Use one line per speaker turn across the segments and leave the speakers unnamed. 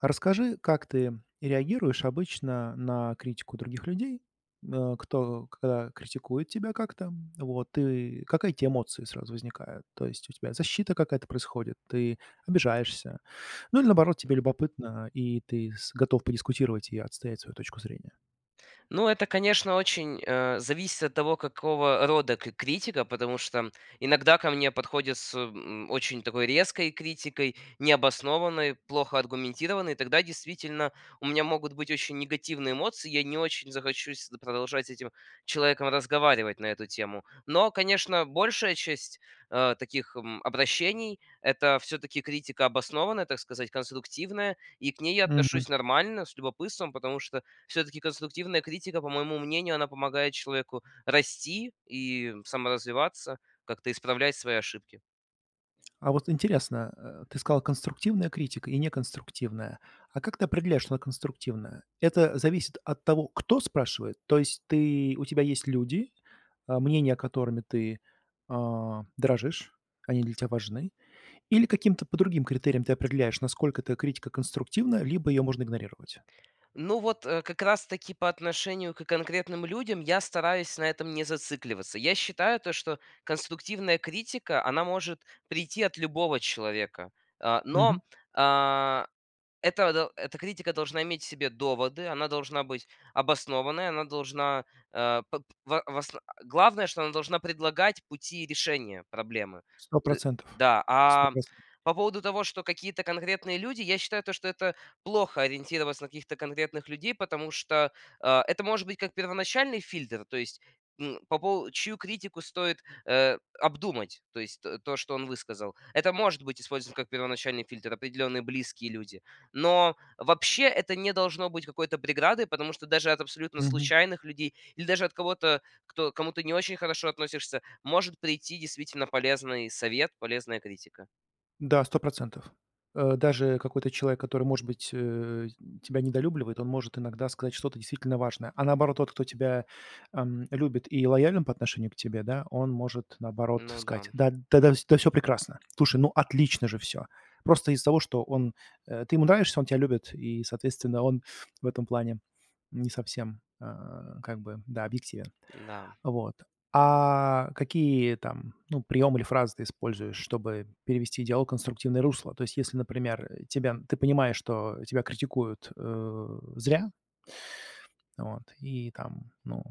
А расскажи, как ты реагируешь обычно на критику других людей, э, кто к критикует тебя как-то, вот, и какая тебя эмоция сразу возникает? То есть у тебя защита какая-то происходит, ты обижаешься? Ну или наоборот, тебе
М.
любопытно, и ты с готов подискутировать и отстоять свою точку зрения?
Ну это, конечно, очень, э, зависит от того, какого рода кр критика, потому что иногда ко мне подходят с, м, очень такой резкой критикой, необоснованной, плохо аргументированной. Тогда действительно у меня могут быть очень негативные эмоции, я не очень захочу с т продолжать с этим человеком разговаривать на эту тему. Но, конечно, большая часть, э, таких, м, обращений это всё-таки критика обоснованная, так сказать, конструктивная, и к ней я
Мгм.
отношусь нормально, с любопытством. Потому что всё-таки конструктивная критика, по моему мнению, она помогает человеку расти и саморазвиваться, как-то исправлять свои ошибки.
А вот интересно, э, ты сказал: "Конструктивная критика и неконструктивная". А как ты определяешь, что она конструктивная? Это зависит от того, кто спрашивает, то есть ты у тебя есть люди, э, мнения, которыми ты, э, дорожишь, они для тебя важны, или каким-то по другим критериям ты определяешь, насколько эта критика конструктивна, либо её можно игнорировать?
Ну вот, э, как раз таки по отношению к конкретным людям я стараюсь на этом не зацикливаться. Я считаю то, что конструктивная критика она может прийти от любого человека, э, но,
Мгм.
э, этого до Эта критика должна иметь в себе доводы, она должна быть обоснованной, она должна, э, пок в в ос Главное, что она должна предлагать пути решения проблемы.
сто
Т
процентов.
да,
сто
а
процентов.
по поводу того, что какие-то конкретные люди, я считаю, то что это плохо- ориентироваться на каких-то конкретных людей, потому что, э, это может быть как первоначальный фильтр, то есть, м, по по чью критику стоит, э, обдумать, то есть то, что он высказал. Это может быть использовано, как первоначальный фильтр, определенные близкие люди. Но вообще это не должно быть какой-то преградой, потому что даже от абсолютно
Мгм.
случайных людей, или даже от кого-то, кто, к кому ты не очень хорошо относишься, может прийти действительно полезный совет, полезная критика.
Да, 100 %. Э, даже какой-то человек, который, может быть, э, тебя недолюбливает, он может иногда сказать что-то действительно важное, а наоборот тот, кто тебя, эм, любит и лоялен по отношению к тебе, да, он может наоборот
Ну да.
сказать: "Да, да-да, да всё прекрасно. Слушай, ну, отлично же всё." Просто из-за того, что он э, ты ему нравишься, он тебя любит, и, соответственно, он в этом плане не совсем, э, как бы, да, объективен.
Да.
Вот. А, какие там, ну приёмы или фразы ты используешь, чтобы перевести диалог в конструктивное русло? То есть, если, например, тебя, ты понимаешь, что тебя критикуют, э, зря. Вот. И там, ну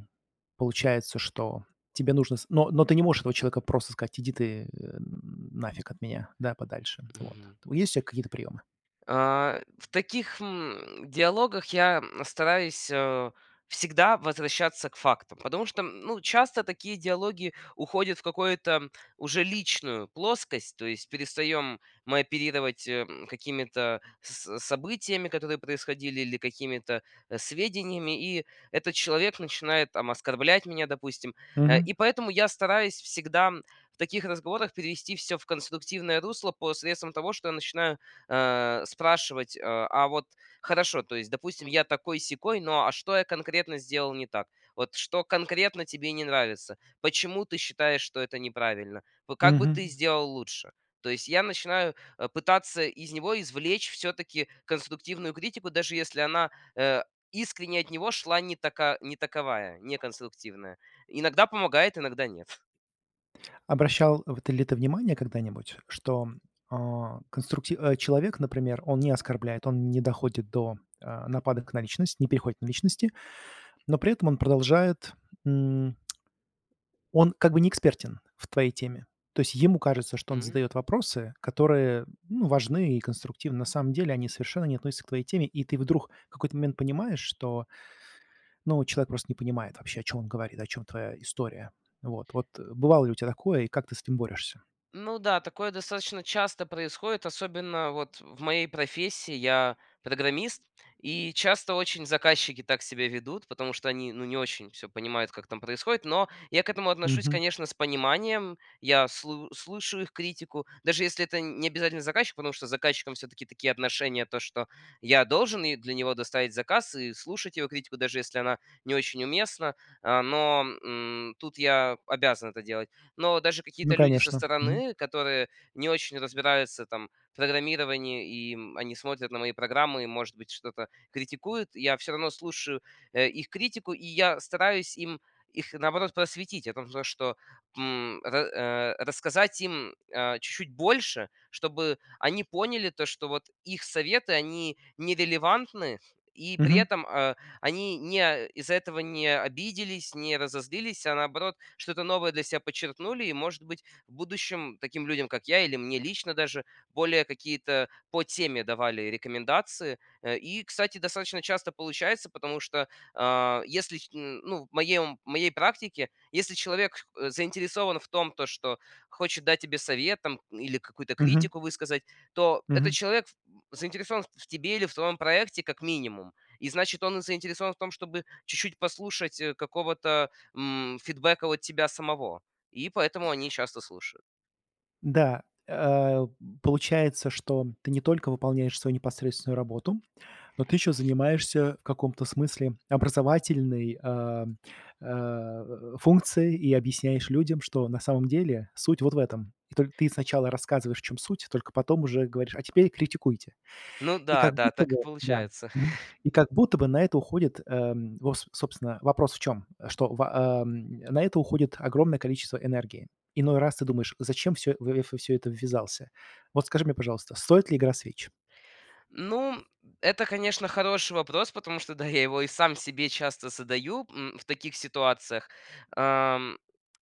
получается, что тебе нужно, с Но, но ты не можешь этого человека просто сказать: "Иди ты н нафиг от меня, да, подальше". Вот,
Мгм.
т есть у тя какие-то приемы?
Э, в таких, м, диалогах я, м, стараюсь, э, всегда возвращаться к фактам. Потому что, м, ну часто такие диалоги уходят в какое-то, уже личную плоскость. То есть перестаем мы оперировать, эм, какими-то с событиями, которые происходили, или какими-то, э, сведениями, и этот человек начинает, там оскорблять меня, допустим. Э,
Мгм.
и поэтому я стараюсь всегда в таких разговорах перевести всё в конструктивное русло посредством того, что я начинаю, э, спрашивать: "Э, а вот хорошо, то есть, допустим, я такой-сякой, но а что я конкретно сделал не так? Вот что конкретно тебе не нравится? Почему ты считаешь, что это неправильно? Вот, как бы, ты
Мгм.
сделал лучше?" То есть, я начинаю, э, пытаться из него извлечь всё-таки конструктивную критику, даже если она, э, искренне от него шла не така не таковая, не конструктивная. Иногда помогает, иногда нет.
Обращал в ты ли ты внимание когда-нибудь, что, о конструкти о человек, например, он не оскорбляет, он не доходит до, э, нападок на личность, не переходит на личности. Но при этом он продолжает н Он как бы не экспертен в твоей теме. То есть ему кажется, что он
М.
задает вопросы, которые, ну важны и конструктивны. На самом деле, они совершенно не относятся к твоей теме, и ты вдруг в какой-то момент понимаешь, что ну человек просто не понимает вообще, о чём он говорит, о чём твоя история. Вот, вот бывало ли у тебя такое, и как ты с этим борешься?
Ну да такое достаточно часто происходит, особенно вот в моей профессии. Я программист, и часто очень заказчики так себя ведут, потому что они ну не очень всё понимают, как там происходит. Но я к этому отношусь,
Мгм.
конечно, с пониманием. Я слу слушаю их критику, даже если это не обязательно заказчик, потому что с заказчиком все-таки такие отношения, то что я должен ей для него доставить заказ и слушать его критику, даже если она не очень уместна. О, но, м, тут я обязан это делать. Но даже
Ну
какие-то люди со
конечно! Мгм.
стороны, которые не очень разбираются там в программировании и, м, они смотрят на мои программы и, может быть, что-то критикуют, я всё равно слушаю, э, их критику. И я стараюсь им, их, наоборот, просветить. О том что, м, ра рассказать им о, чуть-чуть больше, чтобы они поняли, то что вот их советы они нерелевантны и при
Мгм.
этом, а, они не, а, из-за этого не обиделись, не разозлились, а наоборот, что-то новое для себя почерпнули. И может быть в будущем таким людям как я или мне лично даже более какие-то по теме давали рекомендации. Э, и, кстати, достаточно часто получается, потому что о если их ну в моей, ну, в моей практике, если человек х заинтересован в том то, что хочет дать тебе совет там или какую-то
Мгм.
критику высказать, то этот
Мгм.
человек ф заинтересован в в тебе или в твоем проекте, как минимум. И значит он заинтересован в том, чтобы чуть-чуть послушать, э, какого-то, м, фидбэка от тебя самого. И поэтому они часто слушают.
Да, э. Получается, что ты не только выполняешь свою непосредственную работу, но ты еще занимаешься в каком-то смысле образовательной, а, а, функцией и объясняешь людям, что на самом деле суть вот в этом! В только ты сначала рассказываешь, в чём суть, только потом уже говоришь: "А теперь критикуйте!"
Ну
И
да,
как
да!
будто
Так
бы,
и
да,
получается.
мгм, и как будто бы, на это уходит, э, во собственно, вопрос в чём? Что в, о, на это уходит огромное количество энергии. Иной раз ты думаешь: "Зачем всё, э, во всё это ввязался?" Вот скажи мне, пожалуйста, стоит ли игра свеч?
Ну! Это, конечно, хороший вопрос, потому что да, я его и сам себе часто задаю, м, в таких ситуациях. О,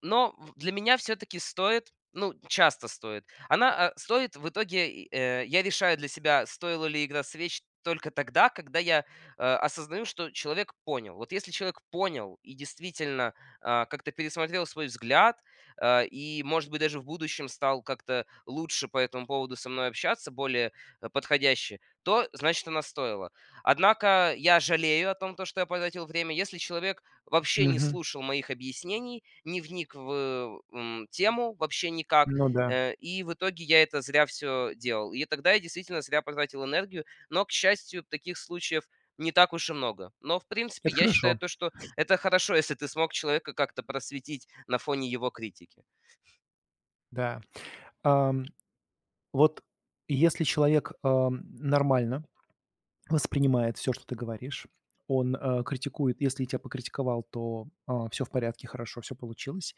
но в для меня всё-таки стоит, ну часто стоит. Она, а, стоит в итоге, э, я решаю для себя, стоило ли игра свеч только тогда, когда я о осознаю, что человек понял. Вот если человек понял и действительно, о, как-то пересмотрел свой взгляд, э, и может быть даже в будущем стал как-то лучше по этому поводу со мной общаться, более, э, подходяще, то значит она стоила. Однако, я жалею о том, то что я потратил время. Если человек вообще не
Мгм.
слушал моих объяснений, не вник в, э, м, тему вообще никак.
Ну да.
Э, и в итоге я это зря всё делал. И тогда я действительно зря потратил энергию, но к счастью таких случаев не так уж и много. Но в принципе
Это
я считаю
хорошо.
то, что это хорошо, если ты смог человека как-то просветить на фоне его критики.
Да. Ам, вот если человек, э, нормально воспринимает всё, что ты говоришь. Он, э, критикует, если тебя покритиковал, то, о, всё в порядке, хорошо всё получилось.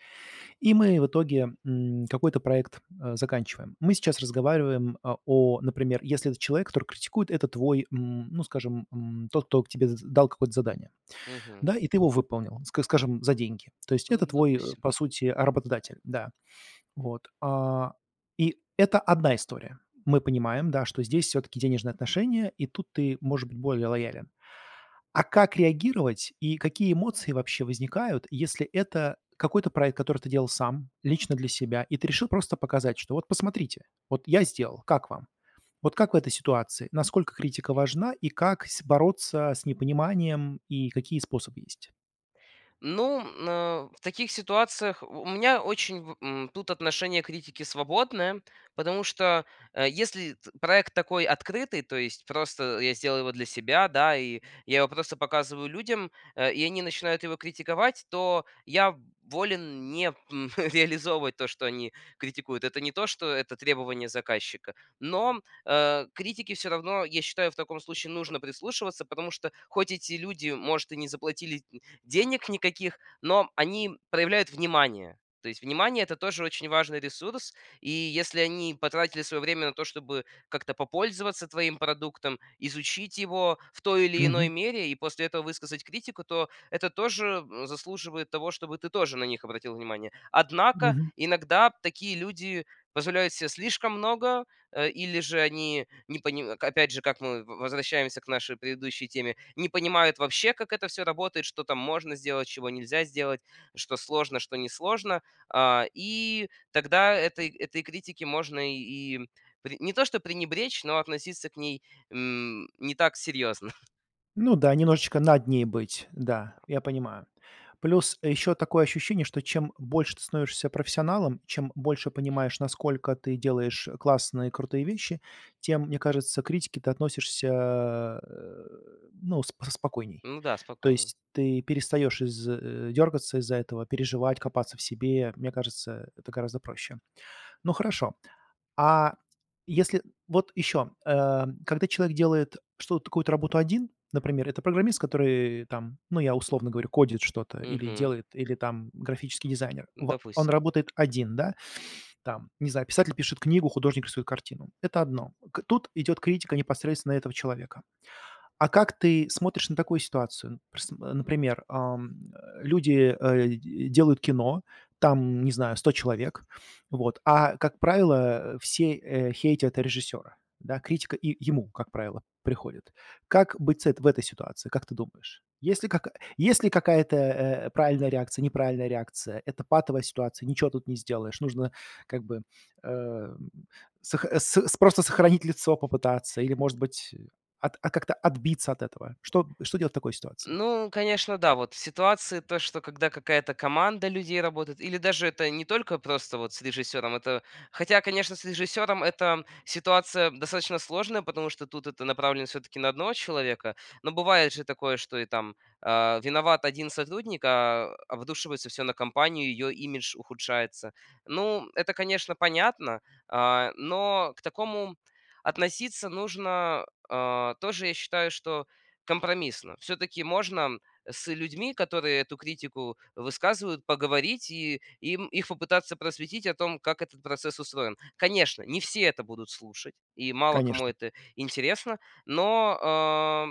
И мы в итоге, м, какой-то проект, э, заканчиваем. Мы сейчас разговариваем, э, о, например, если это человек, который критикует, это твой, м, ну скажем, м, тот, кто к тебе з дал какое-то задание.
Мгм.
Да, и ты его выполнил, ска скажем, за деньги. То есть
Ну,
это твой, э,
допустим.
по сути, а, работодатель, да. Вот, o и это одна история. Мы понимаем, да, что здесь всё-таки денежные отношения, и тут ты может быть более лоялен. А как реагировать, и какие эмоции вообще возникают, если это какой-то проект, который ты делал сам лично для себя, и ты решил просто показать, что вот посмотрите, вот я сделал, как вам? Вот как в этой ситуации? Насколько критика важна, и как с бороться с непониманием и какие способы есть?
Ну, на в таких ситуациях в у меня очень в, м, тут отношение к критике свободное. Потому что, э, если эт проект такой открытый, то есть просто я сделаю его для себя, да. И я его просто показываю людям, э, и они начинают его критиковать, то я волен не, м, реализовывать то, что они критикуют. Это не то, что это требование заказчика, но, э, к критике всё равно, я считаю, в таком случае нужно прислушиваться, потому что хоть эти люди может и не заплатили д-денег никаких, но они проявляют внимание. То есть внимание- это тоже очень важный ресурс. И если они потратили свое время на то, чтобы как-то попользоваться твоим продуктом, изучить его в той или иной
Мгм.
мере и после этого высказать критику, то это тоже заслуживает того, чтобы ты тоже на них обратил внимание. Однако,
Мгм.
иногда такие люди позволяют се слишком много. Э, или же они не пони ка опять же, как мы возвращаемся к нашей предыдущей теме. Не понимают вообще как это всё работает, что там можно сделать, чего нельзя сделать, что сложно, что несложно, a. И тогда этой этой критики можно и пре не то что пренебречь, но относиться к ней, м, не так серьезно.
Ну да, немножечко над ней быть, да, я понимаю. Плюс ещё такое ощущение, что чем больше ты становишься профессионалом, чем больше понимаешь, насколько ты делаешь классные, крутые вещи, тем, мне кажется, к критике ты относишься а, э, ну, спо спокойней.
Ну да,
То
спокойней.
есть ты перестаешь из э, дергаться из-за этого, переживать, копаться в себе. Мне кажется, это гораздо проще. Ну, хорошо. А если вот еще, э, когда человек делает что-то, какую-то работу один, например, это программист, который, э, там, ну, я условно говорю, кодит что-то или
Мгм.
делает, или там графический дизайнер, во он
Допустим.
работает один, да? Там, не знаю, писатель пишет книгу, художник свою картину- это одно. К тут идет критика непосредственно этого человека. А как ты смотришь на такую ситуацию? Прс например, ам, э, люди, э, д делают кино, там, не знаю, 100 человек, вот, а, как правило, все, э, хейтят режиссера, да, критика и ему, как правило, приходит. Как быть с эт в этой ситуации, как ты думаешь? Есть ли, как есть ли какая-то, э, правильная реакция, неправильная реакция? Это патовая ситуация, ничего тут не сделаешь, нужно как бы, э, м, сох с с просто сохранить лицо попытаться или, может быть, от а, как-то отбиться от этого. Что что делать в такой ситуации?
Ну, конечно, да, вот. Ситуации, то что, когда какая-то команда людей работает, или даже это не только просто вот с режиссёром, это хотя, конечно, с режиссёром это ситуация достаточно сложная, потому что тут это направлено всё-таки на одного человека, но бывает же такое, что и там, а, виноват 1 сотрудник, а обрушивается всё на компанию, её имидж ухудшается. Ну, это, конечно, понятно, а, но к такому относиться нужно, а, тоже, я считаю, что компромиссно. Всё-таки можно с людьми, которые эту критику высказывают, поговорить и им их попытаться просветить о том, как этот процесс устроен. Конечно, не все это будут слушать, и мало кому
Конечно.
это интересно, но, а,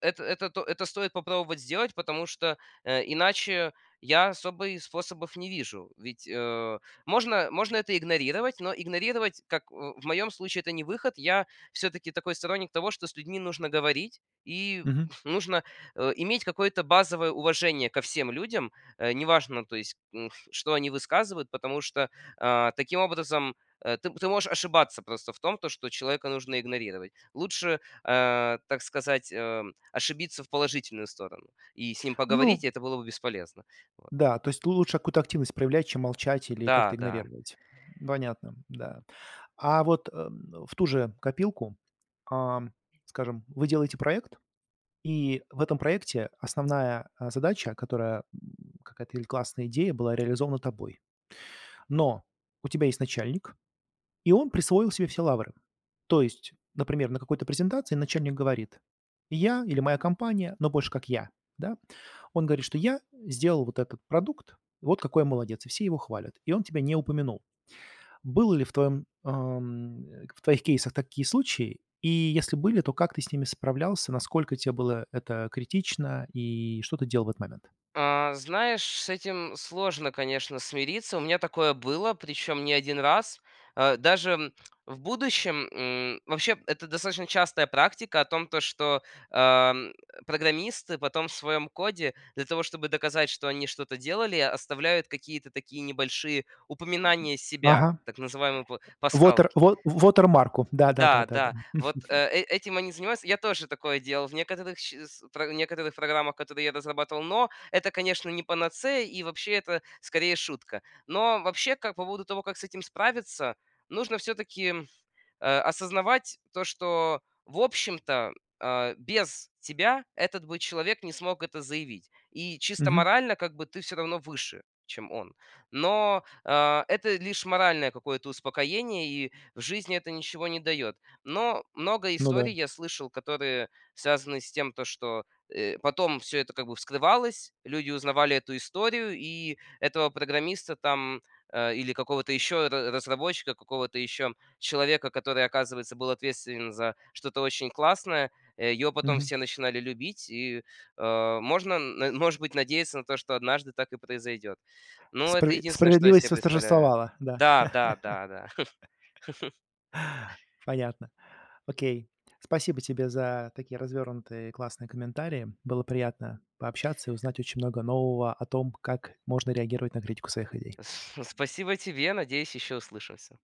это это то это стоит попробовать сделать, потому что, э, иначе я особый способов не вижу. Ведь, э, можно можно это игнорировать, но игнорировать, как, о в моём случае, это не выход. Я всё-таки такой сторонник того, что с людьми нужно говорить и
Мгм.
нужно, э, иметь какое-то базовое уважение ко всем людям, э, неважно, то есть, н что они высказывают, потому что, а, таким образом, э, ты ты можешь ошибаться просто в том, то, что человека нужно игнорировать. Лучше, а, так сказать, а, ошибиться в положительную сторону и с ним
Ну.
поговорить, и это было бы бесполезно. Вот.
Да, то есть лучше какую-то активность проявлять, чем молчать или как-то
Да да.
игнорировать. Понятно, да. А вот, э, м, в ту же копилку, ам, скажем, вы делаете проект, и в этом проекте основная, а, задача, которая, м, какая-то или классная идея была реализована тобой. Но у тебя есть начальник, и он присвоил себе все лавры. То есть, например, на какой-то презентации начальник говорит: "Я" или "Моя компания", но больше как "Я", да. Он говорит, что: "Я сделал вот этот продукт, и вот какой я молодец", и все его хвалят, и он тебя не упомянул. Был ли в твоем ам, э, в твоих кейсах такие случаи, и если были, то как ты с ними справлялся, насколько тебе было это критично, и что ты делал в этот момент?
А, знаешь, с этим сложно, конечно, смириться. У меня такое было, причём не 1 раз. А, даже, м, в будущем, м, вообще, это достаточно частая практика о том, то что, ам, программисты потом в своем коде, для того, чтобы доказать, что они что-то делали, оставляют какие-то такие небольшие упоминания
Ага.
себя, так называемые па
Вотер
пасхалки.
во в вотермарку, да, да, да,
Да,
да, да.
да, вот, э, э, этим они занимаются. Я тоже такое делал в некоторых сч с про в некоторых программах, которые я разрабатывал, но это, конечно, не панацея, и вообще, это скорее шутка. Но вообще, как по поводу того, как с этим справиться, нужно всё-таки, а, осознавать то, что, в общем-то, а, без тебя этот бы человек не смог это заявить, и чисто
Мгм.
морально, как бы, ты всё равно выше, чем он. Но, а, это лишь моральное какое-то успокоение, и в жизни это ничего не даёт. Но много
Ну да.
историй я слышал, которые связаны с тем, то что, э, потом всё это как бы вскрывалось, люди узнавали эту историю, и этого программиста там, э, или какого-то ещё ра разработчика, какого-то ещё человека, который, оказывается, был ответственен за что-то очень классное, его потом
Мгм.
все начинали любить, и, а, можно, н м может быть, надеяться на то, что однажды так и произойдёт. Ну, это
Спра
единственное, что я
справедливость
себе представляю.
восторжествовала, да.
Да, да, да, да.
Понятно. Окей. Спасибо тебе за такие развёрнутые и классные комментарии. Было приятно пообщаться и узнать очень много нового о том, как можно реагировать на критику своих идей.
С спасибо тебе, надеюсь, ещё услышимся!